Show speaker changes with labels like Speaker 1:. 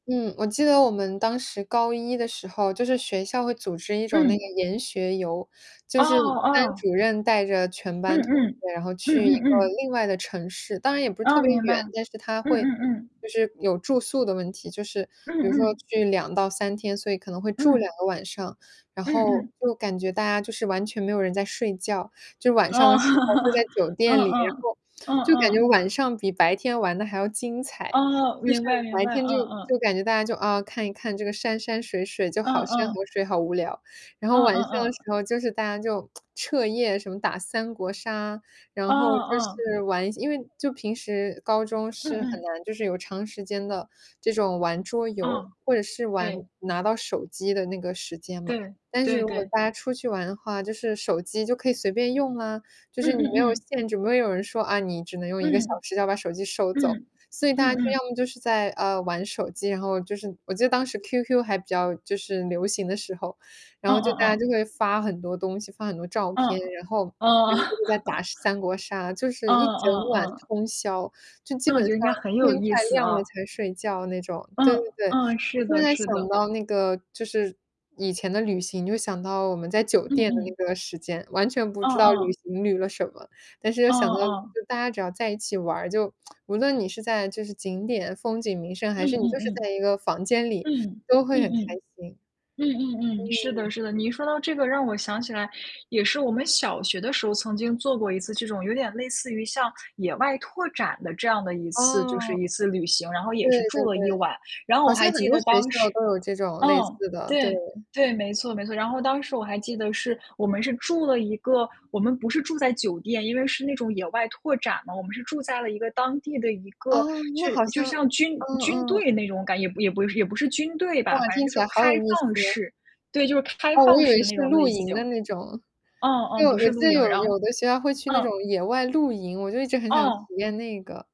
Speaker 1: 嗯，我记得我们当时高一的时候就是学校会组织一种那个
Speaker 2: 嗯。
Speaker 1: 研学游。
Speaker 2: 哦
Speaker 1: 就是班
Speaker 2: 哦。
Speaker 1: 主任带着全
Speaker 2: 嗯
Speaker 1: 班同
Speaker 2: 嗯，
Speaker 1: 学，然后
Speaker 2: 嗯
Speaker 1: 去一
Speaker 2: 嗯
Speaker 1: 个
Speaker 2: 嗯。
Speaker 1: 另外的城市，当然也不是特
Speaker 2: 哦，
Speaker 1: 别
Speaker 2: 明白，
Speaker 1: 远，但是它
Speaker 2: 嗯
Speaker 1: 会
Speaker 2: 嗯嗯。
Speaker 1: 就是有住宿的问题，就是比如说
Speaker 2: 嗯嗯。
Speaker 1: 去2到3天，所以可能会住2
Speaker 2: 嗯。
Speaker 1: 个晚上，然
Speaker 2: 嗯
Speaker 1: 后
Speaker 2: 嗯。
Speaker 1: 就感觉大家就是完全没有人在睡觉，就晚上的
Speaker 2: 哦，
Speaker 1: 时候就在 酒店
Speaker 2: 嗯
Speaker 1: 里，然
Speaker 2: 嗯，
Speaker 1: 后
Speaker 2: 嗯
Speaker 1: 就感觉
Speaker 2: 嗯。
Speaker 1: 晚上比白天玩得还要精彩，
Speaker 2: 哦，
Speaker 1: 就是
Speaker 2: 明白明
Speaker 1: 白
Speaker 2: 白，嗯
Speaker 1: 天就
Speaker 2: 嗯。
Speaker 1: 就感觉大家就，啊，看一看这个山山水水，就
Speaker 2: 嗯
Speaker 1: 好山
Speaker 2: 嗯。
Speaker 1: 河水，好无聊，然
Speaker 2: 嗯
Speaker 1: 后晚上的
Speaker 2: 嗯
Speaker 1: 时
Speaker 2: 嗯。
Speaker 1: 候就是大家就 彻夜什么打三国杀，
Speaker 2: 嗯
Speaker 1: 然后就
Speaker 2: 嗯。
Speaker 1: 是玩因为就平时高中
Speaker 2: 嗯
Speaker 1: 是很
Speaker 2: 嗯。
Speaker 1: 难，就是有长时间的这种玩桌游
Speaker 2: 嗯，
Speaker 1: 或者是玩
Speaker 2: 对。
Speaker 1: 拿到手机的那个时间嘛，
Speaker 2: 对，
Speaker 1: 但是
Speaker 2: 对
Speaker 1: 如果
Speaker 2: 对。
Speaker 1: 大家出去玩的话，就是手机就可以随便用啊，就
Speaker 2: 嗯
Speaker 1: 是你没有
Speaker 2: 嗯嗯。
Speaker 1: 限制，没有人会说，啊，你只能用1个小
Speaker 2: 嗯。
Speaker 1: 时要把手机收走。
Speaker 2: 嗯。
Speaker 1: 所以大
Speaker 2: 嗯
Speaker 1: 家就
Speaker 2: 嗯。
Speaker 1: 要么就是在，呃，玩手机，然后就是我记得当时 QQ 还比较就是流行的时候，然
Speaker 2: 嗯
Speaker 1: 后就大
Speaker 2: 嗯
Speaker 1: 家
Speaker 2: 嗯。
Speaker 1: 就会发很多东西，发很多照
Speaker 2: 嗯，
Speaker 1: 片，然后
Speaker 2: 哦。
Speaker 1: 在打三国杀，就
Speaker 2: 嗯
Speaker 1: 是一整
Speaker 2: 嗯
Speaker 1: 晚
Speaker 2: 嗯。
Speaker 1: 通宵，就基
Speaker 2: 那我
Speaker 1: 本
Speaker 2: 觉得
Speaker 1: 上
Speaker 2: 应该很有
Speaker 1: 天
Speaker 2: 意
Speaker 1: 快
Speaker 2: 思
Speaker 1: 亮
Speaker 2: 啊。
Speaker 1: 了才睡觉那种。
Speaker 2: 嗯，
Speaker 1: 对对对，
Speaker 2: 嗯，
Speaker 1: 我
Speaker 2: 是
Speaker 1: 现
Speaker 2: 的
Speaker 1: 在
Speaker 2: 是
Speaker 1: 想
Speaker 2: 的。
Speaker 1: 到那个就是以前的旅行，就想到我们在酒
Speaker 2: 嗯
Speaker 1: 店的
Speaker 2: 嗯。
Speaker 1: 那个时间，完全不
Speaker 2: 嗯
Speaker 1: 知道旅
Speaker 2: 嗯。
Speaker 1: 行旅了什么，但是又
Speaker 2: 哦
Speaker 1: 想到
Speaker 2: 哦。
Speaker 1: 就大家只要在一起玩儿，就 无论你是在就是景点风景名胜，还
Speaker 2: 嗯
Speaker 1: 是你
Speaker 2: 嗯
Speaker 1: 就是在
Speaker 2: 嗯，
Speaker 1: 1个房间里
Speaker 2: 嗯，
Speaker 1: 都会
Speaker 2: 嗯
Speaker 1: 很开
Speaker 2: 嗯。
Speaker 1: 心。
Speaker 2: 嗯嗯嗯，是的
Speaker 1: 嗯。
Speaker 2: 是的，你一说到这个让我想起来也是我们小学的时候，曾经做过一次这种有点类似于像野外拓展的这样的一次就是
Speaker 1: 哦。
Speaker 2: 一次旅行，然后
Speaker 1: 对
Speaker 2: 也是
Speaker 1: 对
Speaker 2: 住了
Speaker 1: 对。
Speaker 2: 1晚，然后我
Speaker 1: 好像
Speaker 2: 还
Speaker 1: 很
Speaker 2: 记得
Speaker 1: 多学
Speaker 2: 当
Speaker 1: 校
Speaker 2: 时
Speaker 1: 都有这种
Speaker 2: 嗯，
Speaker 1: 类似的，对。
Speaker 2: 对对，没错没错。然后当时我还记得是我们是住了一个我们不是住在酒店，因为是那种野外拓展嘛，我们是住在了一个当地的一个
Speaker 1: 哦，那
Speaker 2: 就
Speaker 1: 好
Speaker 2: 就
Speaker 1: 像
Speaker 2: 像军
Speaker 1: 嗯
Speaker 2: 军
Speaker 1: 嗯。
Speaker 2: 队那种感觉，也不也不也不是军队吧，
Speaker 1: 哇，
Speaker 2: 反正
Speaker 1: 听
Speaker 2: 就
Speaker 1: 起
Speaker 2: 是
Speaker 1: 来好
Speaker 2: 开
Speaker 1: 有意思。
Speaker 2: 放式，对，就是开
Speaker 1: 哦，我
Speaker 2: 放
Speaker 1: 以
Speaker 2: 式
Speaker 1: 为
Speaker 2: 的
Speaker 1: 是
Speaker 2: 那种
Speaker 1: 露
Speaker 2: 类
Speaker 1: 营
Speaker 2: 型。
Speaker 1: 的那种。
Speaker 2: 哦
Speaker 1: 对，
Speaker 2: 哦，不
Speaker 1: 我
Speaker 2: 是
Speaker 1: 记
Speaker 2: 露
Speaker 1: 得
Speaker 2: 营，
Speaker 1: 有
Speaker 2: 然后
Speaker 1: 有的学校会去那
Speaker 2: 嗯。
Speaker 1: 种野外露营，我就一直很想体
Speaker 2: 哦。
Speaker 1: 验那个。